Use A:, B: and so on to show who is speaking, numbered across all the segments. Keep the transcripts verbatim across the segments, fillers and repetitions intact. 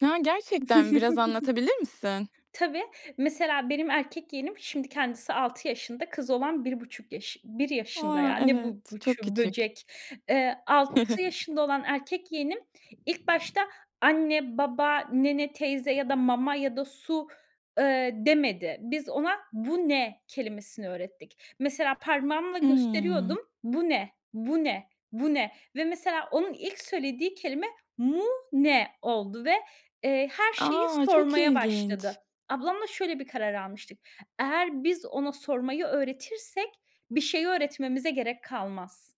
A: Ya, gerçekten, biraz anlatabilir misin?
B: Tabii. Mesela, benim erkek yeğenim, şimdi kendisi altı yaşında, kız olan bir buçuk yaş bir yaşında,
A: A,
B: ya. Ne bu,
A: evet, çok
B: buçuğu,
A: küçük.
B: böcek. Eee, altı yaşında olan erkek yeğenim ilk başta anne, baba, nene, teyze ya da mama ya da su, ııı, demedi. Biz ona "Bu ne?" kelimesini öğrettik. Mesela, parmağımla
A: Hımm.
B: gösteriyordum, "Bu ne, bu ne, bu ne?" ve mesela, onun ilk söylediği kelime "Mu ne?" oldu ve, eee, her şeyi
A: A! Çok
B: sormaya başladı.
A: ilginç.
B: Ablamla şöyle bir karar almıştık: Eğer biz ona sormayı öğretirsek, bir şeyi öğretmemize gerek kalmaz.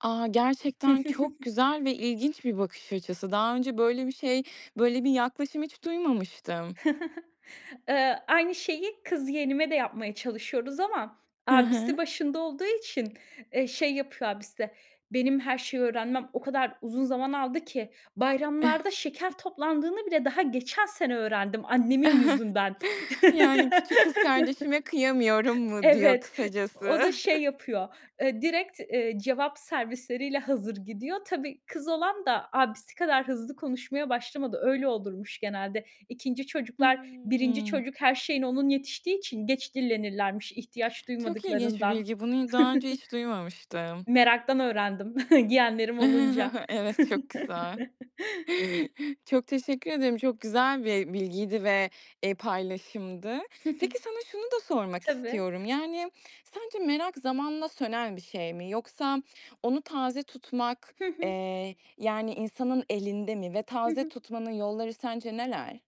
A: A, gerçekten çok güzel ve ilginç bir bakış açısı. Daha önce böyle bir şey, böyle bir yaklaşım hiç duymamıştım.
B: Iıı, aynı şeyi kız yeğenime de yapmaya çalışıyoruz ama
A: Hı hı.
B: abisi başında olduğu için, eee, şey yapıyor. Abisi, "Benim her şeyi öğrenmem o kadar uzun zaman aldı ki bayramlarda şeker toplandığını bile daha geçen sene öğrendim annemin yüzünden."
A: Yani, küçük kız kardeşime kıyamıyorum mu diyor,
B: Evet,
A: kısacası?
B: o da şey yapıyor, eee, direkt, eee, cevap servisleriyle hazır gidiyor. Tabii, kız olan da abisi kadar hızlı konuşmaya başlamadı. Öyle olurmuş genelde. ikinci çocuklar, birinci
A: Hımm.
B: çocuk her şeyine onun yetiştiği için geç dillenirlermiş, ihtiyaç
A: Çok ilginç bir
B: duymadıklarından.
A: bilgi, bunu daha önce hiç duymamıştım.
B: Meraktan öğrendim, yeğenlerim olunca.
A: Evet, çok güzel. Çok teşekkür ederim. Çok güzel bir bilgiydi ve, eee, paylaşımdı.
B: Hı hı.
A: Peki, sana şunu da sormak
B: Tabii.
A: istiyorum: Yani, sence merak zamanla sönen bir şey mi? Yoksa onu taze tutmak,
B: Hı hı.
A: eee, yani, insanın elinde mi ve
B: Hı
A: taze
B: hı.
A: tutmanın yolları sence neler?